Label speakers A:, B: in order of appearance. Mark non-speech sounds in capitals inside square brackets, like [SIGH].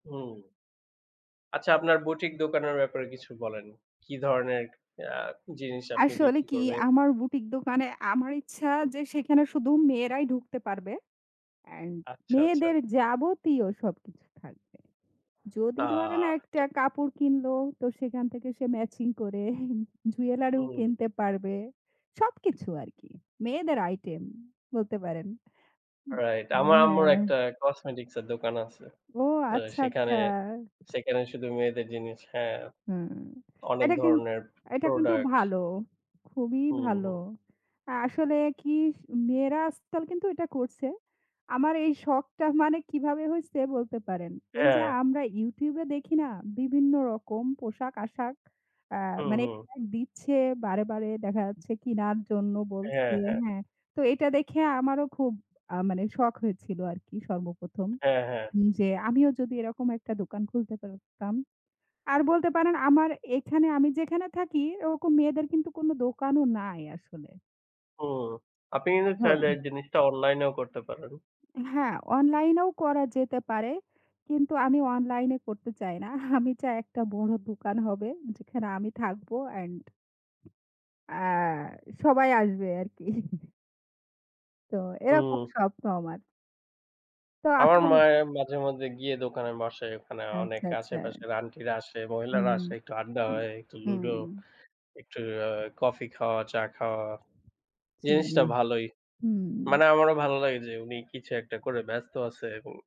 A: হুম। আচ্ছা, আপনার বুটিক দোকানের ব্যাপারে কিছু বলেন। কী ধরনের আ জিনিস আপনি
B: আসলে
A: বিক্রি
B: কি
A: করবেন?
B: আমার বুটিক দোকানে আমার ইচ্ছা যে, সেখানে শুধু মেয়েরাই ঢুকতে পারবে, এন্ড
A: আচ্ছা, আচ্ছা।
B: মেয়েদের যাবতীয় সবকিছু থাকবে।
A: আ
B: যদি ধরেন, একটা
A: আচ্ছা।
B: কাপড় কিনলো, তো সেখান থেকে সে ম্যাচিং করে জুয়েলারিও
A: হুম।
B: কিনতে পারবে। সবকিছু আর কি, মেয়েদের আইটেম, বলতে পারেন। হুম।
A: রাইট।
B: মানে
A: আমার আম্মুর
B: হ্যাঁ।
A: একটা কসমেটিক্সের দোকান আছে।
B: ও
A: আ
B: আচ্ছা,
A: সেখানে,
B: আচ্ছা।
A: সেখানে, শুধু মেয়েদের জিনিস। হ্যাঁ,
B: হুম,
A: অনেক
B: এটা কিন
A: ধরনের
B: এটা কিন্তু
A: প্রোডাক্ট।
B: ভালো, খুবই
A: হু,
B: ভালো।
A: হুম।
B: আসলে কি স মেয়েরা আজকাল কিন্তু এটা করছে। আমার এই শখটা মানে কিভাবে হইছে, বলতে পারেন। এই যে,
A: হ্যাঁ।
B: আমরা YouTube এ দেখি না, বিভিন্ন রকম পোশাক আশাক, আ
A: হু,
B: মানে
A: হুম।
B: অ্যাড দিচ্ছে বারে, বারে, দেখা যাচ্ছে কিনার জন্য বলছে।
A: হ্যাঁ, হ্যাঁ।
B: হ্যাঁ, তো এটা দেখে আমারও খুব আ মানে শখ হইছিল আর কি সর্বপ্রথম।
A: হ্যাঁ, হ্যাঁ।
B: যে, আমিও যদি এরকম একটা দোকান খুলতে পারতাম। আর বলতে পারেন, আমার এখানে আমি যেখানে থাকি, ওরকম মেয়েদের কিন্তু কোন দোকানও নাই আসলে।
A: হুম। আপনি কিন্তু চাইলে
B: হুম।
A: এই জিনিসটা অনলাইনেও করতে পারেন।
B: হ্যাঁ, অনলাইনেও করা যেতে পারে, কিন্তু আমি অনলাইনে করতে চাই না। আমি চাই ১ টা বড় দোকান হবে, যেখানে আমি থাকবো এন্ড, আ সবাই আসবে আরকি। [CHUCKLES] তো এরকম
A: হুম।
B: স্বপ্ন আমার। তো
A: আমার
B: আপনার
A: মায়ে মাঝে মধ্যে গিয়ে দোকানে বসে, ওখানে অনেক
B: আচ্ছা, আচ্ছা।
A: আশেপাশের আন্টিরা আসে, মহিলারা
B: হুম,
A: আসে, একটু আড্ডা
B: উম,
A: হয়, একটু লুডো,
B: হুম।
A: একটু আ কফি খাওয়া, চা খাওয়া। জিনিসটা
B: [UNINTELLIGIBLE]
A: ভালোই। মানে
B: ।হুম।
A: আমারও ভালো লাগে যে, উনি কিছু একটা করে ব্যস্ত আছে এবং